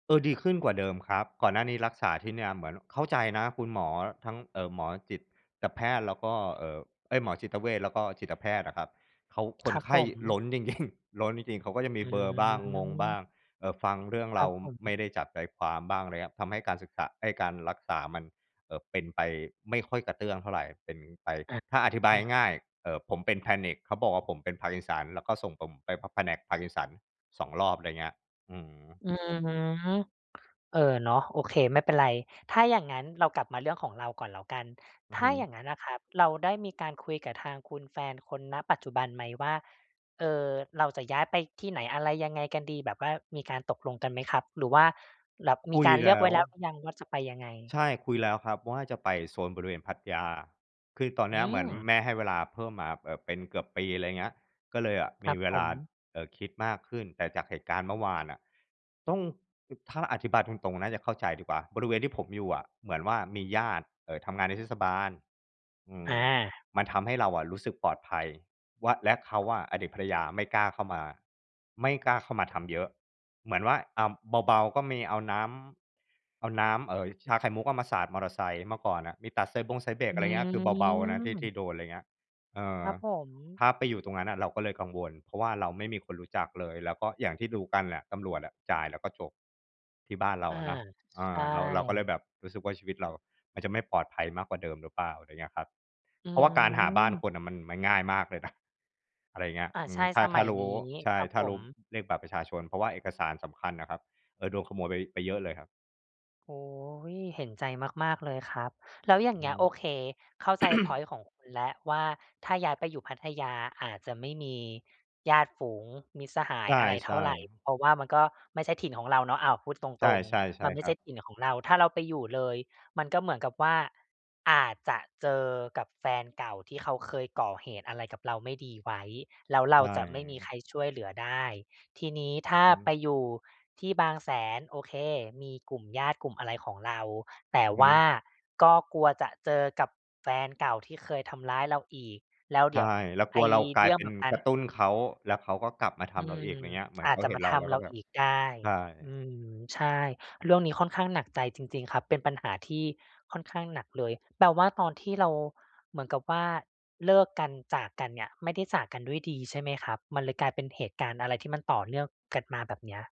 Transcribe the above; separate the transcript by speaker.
Speaker 1: เออ ดีขึ้นกว่าเดิมครับ ก่อนหน้านี้รักษาที่เนี่ยเหมือน เข้าใจนะ คุณหมอ ทั้ง เอ่อ หมอจิตแพทย์ แล้วก็ เอ่อ เอ๊ย หมอจิตเวช แล้วก็จิตแพทย์น่ะครับ เขาค
Speaker 2: ค
Speaker 1: น
Speaker 2: รับ
Speaker 1: ไข
Speaker 2: ผ
Speaker 1: ้
Speaker 2: ม
Speaker 1: ล้น จริง ๆ ล้นจริง ๆ เขาก็จะมี
Speaker 2: อื
Speaker 1: เบลอร์บ้าง งงบ้า
Speaker 2: ม
Speaker 1: ง เอ่อ ฟังเรื่อง
Speaker 2: ค
Speaker 1: เร
Speaker 2: ร
Speaker 1: า
Speaker 2: ับผ
Speaker 1: ไม
Speaker 2: ม
Speaker 1: ่ได้จับใจความบ้าง ไรเงี้ย ทำให้การศึกษา เอ๊ย การรักษามัน เอ่อ เป็นไปไม่ค่อยกระเตื้องเท่าไร เป็นไป
Speaker 2: อะ
Speaker 1: ถ้าอธิบาย
Speaker 2: น่ะ
Speaker 1: ง่าย ๆ เอ่อ ผมเป็น Panic เขาบอกว่า ผมเป็น Parkinson แล้วก็ส่งผมไป ผ แผนก Parkinson 2 รอบ ไรเงี้ย อือ
Speaker 2: อือฮึ เออ เนาะ โอเค ไม่เป็นไร ถ้าอย่างงั้นเรากลับมาเรื่องของเราก่อนแล้วกัน
Speaker 1: อ
Speaker 2: ถ
Speaker 1: ือ
Speaker 2: ้
Speaker 1: ฮ
Speaker 2: าอ
Speaker 1: ึ
Speaker 2: ย่างงั้นนะครับเราได้มีการคุยกับทางคุณแฟนคน ณ ปัจจุบันไหมว่า เออ เราจะย้ายไปที่ไหน อะไร ยังไงกันดี? แบบว่ามีการตกลงกันไหมครับ? หรือว่า แหลบ ม
Speaker 1: ค
Speaker 2: ี
Speaker 1: ุ
Speaker 2: ก
Speaker 1: ย
Speaker 2: ารเล
Speaker 1: แ
Speaker 2: ื
Speaker 1: ล
Speaker 2: อก
Speaker 1: ้
Speaker 2: ไว้
Speaker 1: ว
Speaker 2: แล้วหรือยังว่าจะไปยังไง?
Speaker 1: ใช่ คุยแล้วครับว่า จะไปโซนบริเวณพัทยา คือตอนเ
Speaker 2: อ
Speaker 1: น
Speaker 2: ื
Speaker 1: ี้ยเหมือน
Speaker 2: ม
Speaker 1: แม่ให้เวลาเพิ่มมาแบบเป็นเกือบปี อะไรเงี้ย ก็เลยอะ
Speaker 2: ค
Speaker 1: ม
Speaker 2: ร
Speaker 1: ี
Speaker 2: ับ
Speaker 1: เว
Speaker 2: ผ
Speaker 1: ลา
Speaker 2: ม
Speaker 1: เอ่อ คิดมากขึ้น แต่จากเหตุการณ์เมื่อวานน่ะ ต้อง อือ ถ้าอธิบายตรง ๆ น่าจะเข้าใจดีกว่า บริเวณที่ผมอยู่อะ เหมือนว่ามีญาติ เอ่อ ทำงานในเทศบาล อื
Speaker 2: อ
Speaker 1: ม
Speaker 2: า
Speaker 1: มันทำให้เราอะรู้สึกปลอดภัยว่า และเขาอะอดีตภรรยาไม่กล้าเข้ามา ไม่กล้าเข้ามาทำเยอะ เหมือนว่า อะ เบา ๆ ก็มีเอาน้ำ เอาน้ำ เอ่อ ชาไข่มุกอะมาสาดมอเตอร์ไซค์ เมื่อก่อนอะมีตัดสายบงสายเบรก
Speaker 2: อื
Speaker 1: อะไรเงี้ย คือเบา ๆ นะที่ ที่
Speaker 2: ม
Speaker 1: โดน อะไรเงี้ย เออ
Speaker 2: ครับผม
Speaker 1: ถ้าไปอยู่ตรงนั้นอะเราก็เลยกังวล เพราะว่าเราไม่มีคนรู้จักเลย แล้วก็ อย่างที่รู้กันน่ะตำรวจอะจ่ายแล้วก็จบ ที่บ้านเรา
Speaker 2: อา
Speaker 1: อะเนาะ เอ
Speaker 2: ใช
Speaker 1: อ เรา เราก็เลย
Speaker 2: ่
Speaker 1: แบบรู้สึกว่า ชีวิตเราอะมันจะไม่ปลอดภัยมากกว่าเดิมหรือเปล่า? ไรเงี้ยครับ
Speaker 2: อื
Speaker 1: เพราะว่าการหาบ้าน
Speaker 2: ม
Speaker 1: คนน่ะมัน มันง่ายมากเลยน่ะ อะไรเงี้ย
Speaker 2: อา
Speaker 1: อื
Speaker 2: ใช
Speaker 1: ม
Speaker 2: ่
Speaker 1: ถ้า
Speaker 2: ส
Speaker 1: ถ
Speaker 2: ม
Speaker 1: ้
Speaker 2: ั
Speaker 1: า
Speaker 2: ย
Speaker 1: รู
Speaker 2: น
Speaker 1: ้
Speaker 2: ี้
Speaker 1: ใช่
Speaker 2: ครับ
Speaker 1: ถ้
Speaker 2: ผ
Speaker 1: ารู้
Speaker 2: ม
Speaker 1: เลขบัตรประชาชน เพราะว่าเอกสารสำคัญน่ะครับ เอ่อ โดนขโมยไป ไปเยอะเลยครับ
Speaker 2: โอ้โฮ เห็นใจมาก ๆ เลยครับ แล้วอย่
Speaker 1: อ
Speaker 2: า
Speaker 1: ื
Speaker 2: ง
Speaker 1: อ
Speaker 2: เ
Speaker 1: ฮ
Speaker 2: งี้
Speaker 1: ึ
Speaker 2: ย โอเค เข้าใจพ็อยนต์ของคุณแล้วว่า ถ้าย้ายไปอยู่พัทยาอาจจะไม่มีญาติฝูง มิตรสหา
Speaker 1: ใช
Speaker 2: ย
Speaker 1: ่
Speaker 2: อะไรเท่าไร
Speaker 1: ๆ
Speaker 2: เพราะว่ามันก็ไม่ใช่ถิ่นของเราเนาะ อ้าว พูดต
Speaker 1: ใช่
Speaker 2: รง
Speaker 1: ๆ ใช
Speaker 2: ๆ
Speaker 1: ่
Speaker 2: มันไม
Speaker 1: ค
Speaker 2: ่
Speaker 1: ร
Speaker 2: ใ
Speaker 1: ั
Speaker 2: ช่
Speaker 1: บ
Speaker 2: ถิ่นของเรา ถ้าเราไปอยู่เลย มันก็เหมือนกับว่า อาจจะเจอกับแฟนเก่าที่เขาเคยก่อเหตุอะไรกับเราไม่ดีไว้ แล้วเ
Speaker 1: ใ
Speaker 2: ร
Speaker 1: ช
Speaker 2: าจะไม่มี
Speaker 1: ่
Speaker 2: ใครช่วยเหลือได้ ทีนี้ถ
Speaker 1: อื
Speaker 2: ้
Speaker 1: อ
Speaker 2: า
Speaker 1: ฮ
Speaker 2: ไป
Speaker 1: ึ
Speaker 2: อยู่ที่บางแสน โอเค มีกลุ่มญาติ กลุ่มอะไรของเรา แต่
Speaker 1: อือฮ
Speaker 2: ว่า
Speaker 1: ึ
Speaker 2: ก็กลัวจะเจอกับแฟนเก่าที่เคยทำร้ายเราอีก แล้ว
Speaker 1: ใ
Speaker 2: เ
Speaker 1: ช
Speaker 2: ดี๋ยว
Speaker 1: ่ เราก
Speaker 2: ไ
Speaker 1: ล
Speaker 2: อ
Speaker 1: ั
Speaker 2: ้
Speaker 1: วเรากล
Speaker 2: เ
Speaker 1: า
Speaker 2: ร
Speaker 1: ย
Speaker 2: ื่อ
Speaker 1: เ
Speaker 2: ง
Speaker 1: ป็
Speaker 2: แ
Speaker 1: น
Speaker 2: บบนั
Speaker 1: ก
Speaker 2: ้น
Speaker 1: ระตุ้นเขา แล้วเขาก็กลับมาท
Speaker 2: อื
Speaker 1: ำเราอีก
Speaker 2: ม
Speaker 1: ไรเงี้ย เหมือน
Speaker 2: อ
Speaker 1: เ
Speaker 2: า
Speaker 1: ข
Speaker 2: จ
Speaker 1: า
Speaker 2: จะ
Speaker 1: เห็
Speaker 2: ม
Speaker 1: น
Speaker 2: า
Speaker 1: เรา
Speaker 2: ท
Speaker 1: แล้ว
Speaker 2: ำ
Speaker 1: ก
Speaker 2: เ
Speaker 1: ็
Speaker 2: รา
Speaker 1: แบบ
Speaker 2: อีกได้
Speaker 1: ใช่
Speaker 2: อืม ใช่ เรื่องนี้ค่อนข้างหนักใจจริง ๆ ครับ เป็นปัญหาที่ค่อนข้างหนักเลย แปลว่าตอนที่เรา เหมือนกับว่า เลิกกัน จากกันเนี่ย ไม่ได้จากกันด้วยดี ใช่ไหมครับ? มันเลยกลายเป็นเหตุการณ์อะไรที่มันต่อเนื่องกันมาแบบเนี้ย